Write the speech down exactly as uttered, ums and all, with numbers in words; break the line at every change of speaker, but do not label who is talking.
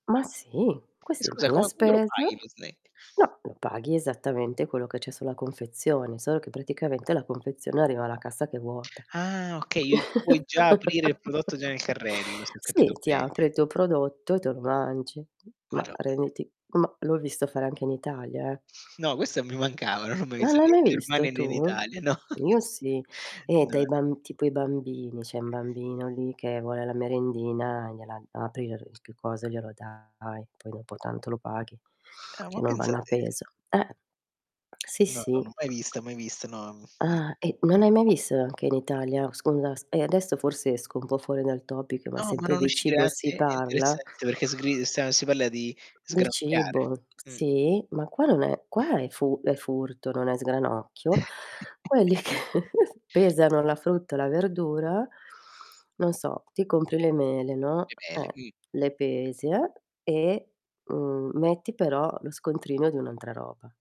Ma, sì,
E
questi
scusa
fan la
come quando lo
spesa
paghi lo snack?
No, lo paghi esattamente quello che c'è sulla confezione, solo che praticamente la confezione arriva alla cassa che è vuota.
Ah, okay, io tu puoi già aprire il prodotto già nel carrello, se ho
Sì,
capito
ti
bene.
apre il tuo prodotto, e te lo mangi. Ma
Madonn
renditi ma l'ho visto fare anche in Italia, eh.
No, questa mi mancava, non l'ho mai
Ma
visto né
non
in
hai visto
Germania e né in
tu?
Italia. No.
Io sì. E, dai
No.
bamb tipo i bambini, c'è un bambino lì che vuole la merendina, gliela apri [unintelligible] che cosa e glielo dai, poi dopo tanto lo paghi
Ah, ma
che non
pensa
vanno a
te.
peso. Eh. Sì,
No, no,
sì.
non ho mai vista, mai vista no Mh.
Ah, e non hai mai visto anche in Italia? Scusa s e adesso forse esco un po' fuori dal topic ma
No, ma
sempre
non
di
uscire
cibo
[unintelligible]
si
è
parla.
interessante perché sgri stan si parla di
Di
sgranocchiare
cibo,
Mh.
sì. Ma qua non è qua è fu è furto, non è sgranocchio. Quelli che pesano la frutta e la verdura, non so, ti compri le mele, no,
Che belle.
eh,
quini
le pesi, eh, e, mhmm, metti però lo scontrino di un'altra roba.